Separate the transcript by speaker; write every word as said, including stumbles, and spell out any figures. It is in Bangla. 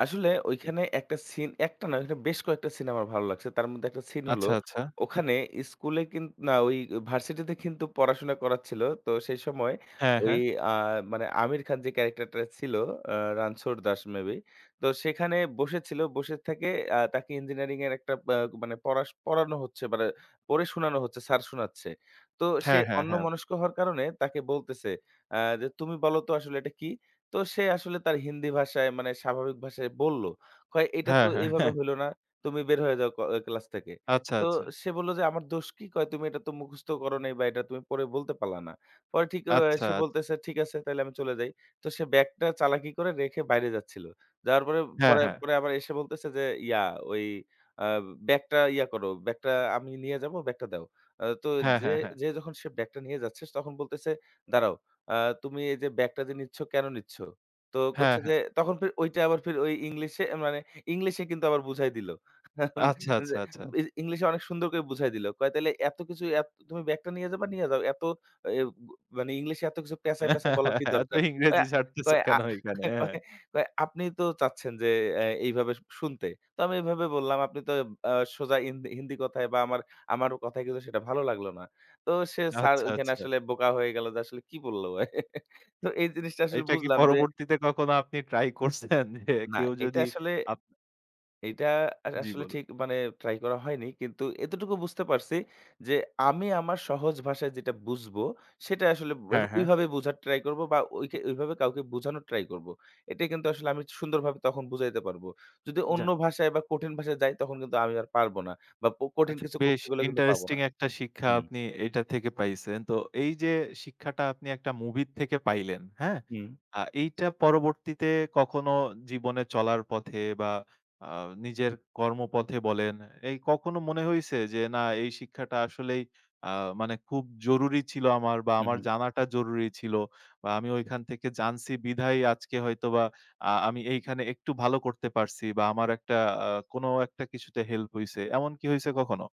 Speaker 1: আসলে ওইখানে একটা সিন একটা নয় বেশ কয়েকটা সিন আমার ভালো লাগছে। তার মধ্যে একটা সিন হলো
Speaker 2: আচ্ছা, আচ্ছা।
Speaker 1: ওখানে স্কুলে কিন না ওই ভার্সিটিতে কিন্তু পড়াশোনা করাচ্ছিল। তো সেই সময়
Speaker 2: হ্যাঁ,
Speaker 1: ওই
Speaker 2: হ্যাঁ।
Speaker 1: আ মানে আমির খান যে ক্যারেক্টারটা ছিল অ্যা রানছড় দাস মে বি। তো সেখানে বসেছিল, বসে থেকে আ তাকে ইঞ্জিনিয়ারিং এর একটা অ্যা মানে পড়া শ পড়ানো হচ্ছে মানে পড়ে শোনানো হচ্ছে, স্যার শোনাচ্ছে। তো সে
Speaker 2: হ্যাঁ, হ্যাঁ, হ্যাঁ।
Speaker 1: অন্যমনস্ক হওয়ার কারণে তাকে বলতেছে অ্যা যে "তুমি বলো তো আসলে এটা কী?" তো সে আসলে তার হিন্দি ভাষায় মানে স্বাভাবিক ভাষায় বলল। কয় "এইটা তো
Speaker 2: হ্যাঁ, হ্যাঁ,
Speaker 1: এভাবে
Speaker 2: হ্যাঁ।
Speaker 1: হইল না। তুমি বের হয়ে যাও ক ক্লাস থেকে।"
Speaker 2: আচ্ছা,
Speaker 1: তো
Speaker 2: আচ্ছা।
Speaker 1: সে বলল যে "আমার দোষ কি?" কয় "তুমি এটা তো মুখস্থ করো নাই বা এটা তুমি বলতে পারলা না।" পরে
Speaker 2: আচ্ছা,
Speaker 1: সে
Speaker 2: আচ্ছা।
Speaker 1: বলতেছে "ঠিক আছে তাইলে আমি চলে যাই।" তো সে ব্যাগটা চালাকি করে রেখে বাইরে যাচ্ছিল। যাওয়ার পরে,
Speaker 2: হ্যাঁ,
Speaker 1: বরে
Speaker 2: হ্যাঁ।
Speaker 1: পরে আবার এসে বলতেছে যে ইয়া, ওই আ "ব্যাগটা ইয়া করো। ব্যাগটা আমি নিয়ে যাবো, ব্যাগটা দাও।" ও তো
Speaker 2: হ্যাঁ, হ্যাঁ,
Speaker 1: যেয়ে,
Speaker 2: হ্যাঁ।
Speaker 1: যেয়ে যখন সে ব্যাগটা নিয়ে যাচ্ছে স তখন বলতেছে "দাঁড়াও আ তুমি এই যে ব্যাগটা যে নিচ্ছ কেন নিচ্ছ?" তো
Speaker 2: হ্যাঁ,
Speaker 1: কচ্ছে
Speaker 2: হ্যাঁ।
Speaker 1: যে, তখন ফের ঐটা আবার ফের ওই ইংলিশে মানে ইংলিশে কিন্তু আবার বুঝাই দিলো।
Speaker 2: আচ্ছা, আচ্ছা,
Speaker 1: যে
Speaker 2: আচ্ছা।
Speaker 1: এইযে ইংলিশে অনেক সুন্দর করে বুঝায় দিলো। কয় "তাইলে এত কিছু এত তুমি ব্যাগটা নিয়ে যাবা নিয়ে যাও। এত এব মানে ইংলিশে এত কিছু প্যাচায়, প্যাচায় বলার কি
Speaker 2: এত
Speaker 1: দরকার?" কয়,
Speaker 2: ইংরেজি ছাড়তেছ
Speaker 1: কয় আ
Speaker 2: কেন এইখানে? হ্যাঁ।
Speaker 1: কয়, কয় "আপনিই তো চাচ্ছেন যে অ্যা এইভাবে শুনতে, তো আমি এভাবে বললাম। আপনি তো অ্যা সোজা ইন্দি, হিন্দি কথায় বা আমার, আমার কথায় কিন্তু সেটা ভালো লাগলো না।" তো সে স্যার
Speaker 2: আচ্ছা,
Speaker 1: ঐখানে
Speaker 2: আচ্ছা।
Speaker 1: আসলে বোকা হয়ে গেল যে আসলে কি বলল? তো এই জিনিসটা আসলে
Speaker 2: এটা কি
Speaker 1: বুঝলাম যে
Speaker 2: পরবর্তীতে কখনো আপনি ট্রাই করছেন? যে
Speaker 1: না।
Speaker 2: কেউ
Speaker 1: এইটা
Speaker 2: যদি
Speaker 1: আসলে
Speaker 2: আপ
Speaker 1: এইটা আ
Speaker 2: জ্বি,
Speaker 1: আসলে
Speaker 2: বলুন।
Speaker 1: ঠিক মানে ট্রাই করা হয়নি। কিন্তু এতটুকু বুঝতে পারছি যে, আমি আমার সহজ ভাষায় যেটা বুঝবো, সেটা আসলে ব
Speaker 2: হ্যাঁ, হ্যাঁ।
Speaker 1: ওইভাবে বুঝার ট্রাই করব বা ওইকে, ওইভাবে কাউকে বুঝানোর ট্রাই করব। এটাই কিন্তু আসলে আমি সুন্দরভাবে তখন বুঝাইতে পারব। যদি অন্য
Speaker 2: যাক।
Speaker 1: ভাষায় বা কঠিন ভাষায় যাই, তখন কিন্তু আমি আর পারব না। বা ক কঠিন
Speaker 2: আচ্ছা,
Speaker 1: কিছু
Speaker 2: বেশ
Speaker 1: করতে গেলে কিন্তু পাব
Speaker 2: ইন্টারেস্টিং
Speaker 1: না।
Speaker 2: একটা শিক্ষা
Speaker 1: হুম।
Speaker 2: আপনি এইটা থেকে পাইছেন। তো এই যে শিক্ষাটা আপনি একটা মুভি'র থেকে পাইলেন, হ্যাঁ?
Speaker 1: হুম।
Speaker 2: আ এইটা পরবর্তীতে কখনো জীবনে চলার পথে বা আ নিজের কর্মপথে বলেন, এই কখনো মনে হইছে যে, না এই শিক্ষাটা আসলেই আ মানে খুব জরুরি ছিল আমার বা
Speaker 1: হু,
Speaker 2: আমার
Speaker 1: হু।
Speaker 2: জানাটা জরুরি ছিল? বা আমি ঐখান থেকে জানছি, বিধায়ই আজকে হয়তোবা আ আমি এইখানে একটু ভালো করতে পারছি বা আমার একটা আ কোন একটা কিছুতে হেল্প হইছে, এমন কি হইছে কখনো?